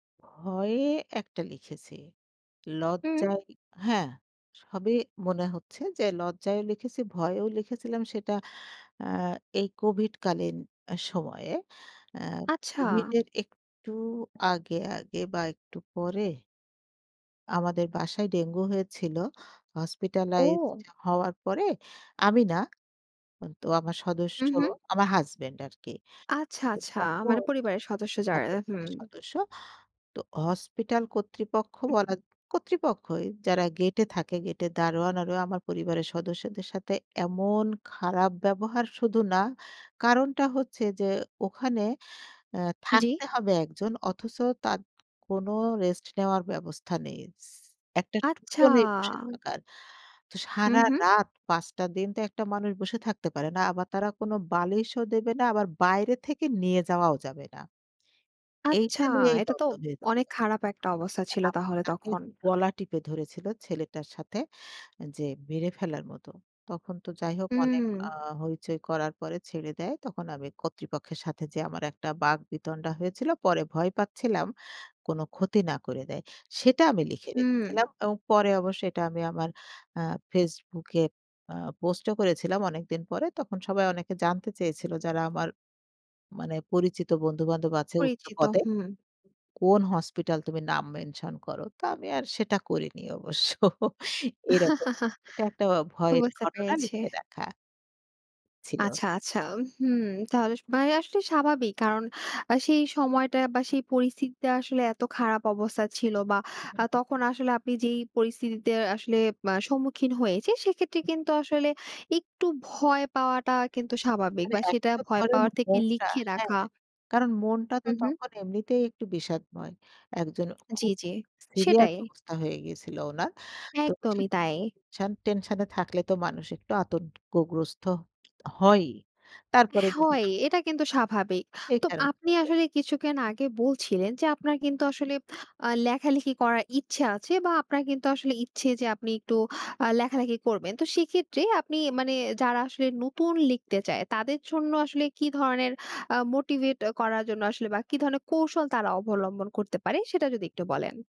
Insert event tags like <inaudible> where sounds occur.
ভয়ে একটা লিখেছি হুম। লজ্জায়, হ্যাঁ, সবই মনে হচ্ছে যে লজ্জায়ও লিখেছি। ভয়েও লিখেছিলাম সেটা আ এই কোভিড কালীন সময়ে আ আচ্ছা। কোভিডের একটু আগে, আগে, বা একটু পরে। আমাদের বাসায় ডেঙ্গু হয়েছিল হসপিটালাইজড ও। হওয়ার পরে আমি না, হুম, তো আমার সদস্য, হুম, হুম। আমার হাসব্যান্ড আরকি। আচ্ছা, তো আচ্ছা তখন মানে পরিবারের সদস্য যারা <unintelligible> হুম। সদস্য তো হসপিটাল কর্তৃপক্ষ উহ বলা কর্তৃপক্ষই যারা গেটে থাকে গেটে দারোয়ান আরও আমার পরিবারের সদস্যদের সাথে এমন খারাপ ব্যবহার শুধু না। কারণটা হচ্ছে যে ওখানে আ জি। থাকতে হবে ১ জন অথচ তাদ কোনো রেস্ট নেওয়ার ব্যবস্থা নেই শিশ একটা টুলো আচ্ছা নেই বসে থাকার। তো হুম, হুম। সারারাত ৫ টা দিন তো একটা মানুষ বসে থাকতে পারে না। আবার তারা কোনো বালিশও দেবে না। আবার বাইরে থেকে নিয়ে যাওয়াও যাবে না। আচ্ছা, এইটা নিয়েই এটা তো দন্দ হয়েছিল। অনেক খারাপ একটা অবস্থা ছিল <unintelligible> তাহলে তাকে তখন। গলা টিপে ধরেছিল ছেলেটার সাথে যে মেরে ফেলার মত। তখন তো যাই হোক অনেক হুম। আ হইচই করার পরে ছেড়ে দেয়। তখন আমি কর্তৃপক্ষের সাথে যে আমার একটা বাক বিতণ্ডা হয়েছিল। পরে ভয় পাচ্ছিলাম কোন ক্ষতি না করে দেয়। সেটা আমি লিখে রেখেছিলাম হুম। এবং পরে অবশ্য এটা আমি আমার আ FaceBook এ আ পোস্টও করেছিলাম অনেকদিন পরে। তখন সবাই অনেকে জানতে চেয়েছিল যারা আমার মানে পরিচিত বন্ধু-বান্ধব আছে উচ্চ পরিচিত পদে। হুম। কোন হাসপাতাল তুমি নাম মেনশন করো, তো আমি আর সেটা করিনি <chuckles> অবশ্য এরকম, এটা একটা <chuckles> ভয়ের বুঝতে ঘটনা পেরেছি। লিখে রাখা ছিল। আচ্ছা, আচ্ছা, হুম তাহলে, ভাইয়া আসলে স্বাভাবিক কারণ আ সেই সময়টা বা সেই পরিস্থিতিতে আসলে এত খারাপ অবস্থা ছিল বা আ হুম, হুম। তখন আসলে আপনি যেই পরিস্থিতিতে আসলে মা সম্মুখীন হয়েছেন সেক্ষেত্রে হুম। কিন্তু আসলে একটু ভয় পাওয়াটা কিন্তু স্বাভাবিক মানে বা সেটা এখনতো ভয় ধরেন পাওয়ার থেকে মনটা লিখে হ্যাঁ? রাখা। কারণ মনটা তো হুম, হুম। তখন এমনিতেই একটু বিষাদময়। একজন জি, খুব জি, সিরিয়াস সেটাই। অবস্থা হয়ে গিয়েছিল উনার তো একদমই তাই। <unintelligible> শান টেনশনে থাকলে তো মানুষ একটু আতঙ্ক গ্রস্থ হয়ই, তারপরে হ্যাঁ, যদি হয় আ এটা কিন্তু স্বাভাবিক। এই তো কারণ আপনি আসলে কিছুক্ষণ আগে বলছিলেন। যে আপনার কিন্তু আসলে <smacks lips> আ লেখালেখি করার ইচ্ছা আছে বা আপনার কিন্তু আসলে ইচ্ছে যে আপনি একটু আ লেখালেখি করবেন তো সেক্ষেত্রে আপনি মানে যারা আসলে নতুন লিখতে চায়। তাদের জন্য আসলে কী ধরনের আ মোটিভেট করার জন্য আসলে বা কি ধরনের কৌশল তারা অবলম্বন করতে পারে সেটা যদি একটু বলেন?